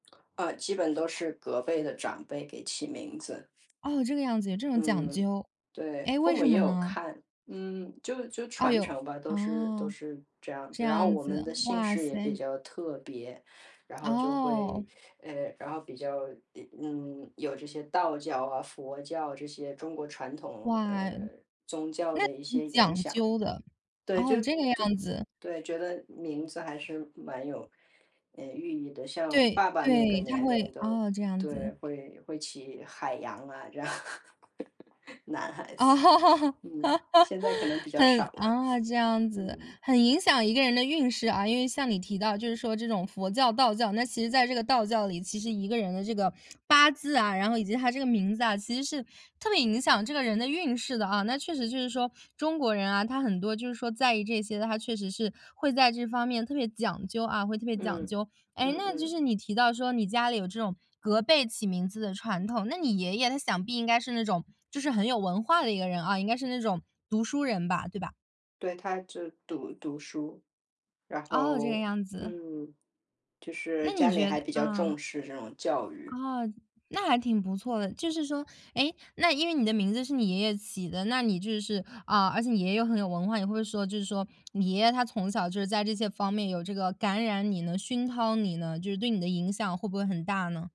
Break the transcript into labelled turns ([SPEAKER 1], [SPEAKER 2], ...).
[SPEAKER 1] 呃，基本都是，隔辈的长辈给起名字。
[SPEAKER 2] 哦，这个样子，有这种讲
[SPEAKER 1] 嗯，
[SPEAKER 2] 究。
[SPEAKER 1] 对。
[SPEAKER 2] 诶，
[SPEAKER 1] 父
[SPEAKER 2] 为
[SPEAKER 1] 母
[SPEAKER 2] 什
[SPEAKER 1] 也
[SPEAKER 2] 么
[SPEAKER 1] 有
[SPEAKER 2] 呢？
[SPEAKER 1] 看。嗯，就就
[SPEAKER 2] 哎
[SPEAKER 1] 传
[SPEAKER 2] 哟，
[SPEAKER 1] 承吧，都是都
[SPEAKER 2] 哦，
[SPEAKER 1] 是这样
[SPEAKER 2] 这
[SPEAKER 1] 子。然后
[SPEAKER 2] 样
[SPEAKER 1] 我们
[SPEAKER 2] 子，
[SPEAKER 1] 的姓
[SPEAKER 2] 哇
[SPEAKER 1] 氏也比
[SPEAKER 2] 塞。
[SPEAKER 1] 较特别，然后就会
[SPEAKER 2] 哦。
[SPEAKER 1] 呃，然后比较呃，嗯，有这些道教啊，佛教，这些中国传统，呃，
[SPEAKER 2] 哇。
[SPEAKER 1] 宗教
[SPEAKER 2] 那
[SPEAKER 1] 的一
[SPEAKER 2] 呃，
[SPEAKER 1] 些影
[SPEAKER 2] 讲
[SPEAKER 1] 响。
[SPEAKER 2] 究的，
[SPEAKER 1] 对，就
[SPEAKER 2] 哦，这个
[SPEAKER 1] 对
[SPEAKER 2] 样子。
[SPEAKER 1] 对，觉得名字还是蛮有，呃，寓意的。像，我
[SPEAKER 2] 对，
[SPEAKER 1] 爸爸那个
[SPEAKER 2] 对，他
[SPEAKER 1] 年
[SPEAKER 2] 会
[SPEAKER 1] 龄的
[SPEAKER 2] 哦，这样子。
[SPEAKER 1] 对，会会起海洋啊，这样。男孩
[SPEAKER 2] 哦，
[SPEAKER 1] 子，嗯，现在可能比较
[SPEAKER 2] 很
[SPEAKER 1] 少了，
[SPEAKER 2] 啊，这样子。
[SPEAKER 1] 嗯。
[SPEAKER 2] 很影响一个人的运势啊。因为像你提到就是说这种佛教、道教。那其实在这个道教里，其实一个人的这个，八字啊，然后以及他这个名字啊，其实是，特别影响这个人的运势的啊。那确实就是说，中国人啊，他很多就是说在意这些的，他确实是，会在这方面特别讲究啊，会特别
[SPEAKER 1] 嗯，
[SPEAKER 2] 讲究。诶，
[SPEAKER 1] 嗯
[SPEAKER 2] 那就
[SPEAKER 1] 嗯。
[SPEAKER 2] 是你提到说你家里有这种，隔辈起名字的传统。那你爷爷他想必应该是那种，就是很有文化的一个人啊，应该是那种读书人吧，对吧？
[SPEAKER 1] 对，他就读读书。然
[SPEAKER 2] 哦，这个
[SPEAKER 1] 后，
[SPEAKER 2] 样子。
[SPEAKER 1] 嗯，就是
[SPEAKER 2] 那你
[SPEAKER 1] 家里
[SPEAKER 2] 觉
[SPEAKER 1] 还
[SPEAKER 2] 得
[SPEAKER 1] 比较
[SPEAKER 2] 嗯。
[SPEAKER 1] 重视这种教育。
[SPEAKER 2] 哦，那还挺不错的。就是说，诶，那因为你的名字是你爷爷起的，那你就是啊，而且你爷爷又很有文化，也会说就是说，你爷爷他从小就是在这些方面，有这个感染你呢，熏陶你呢，就是对你的影响会不会很大呢？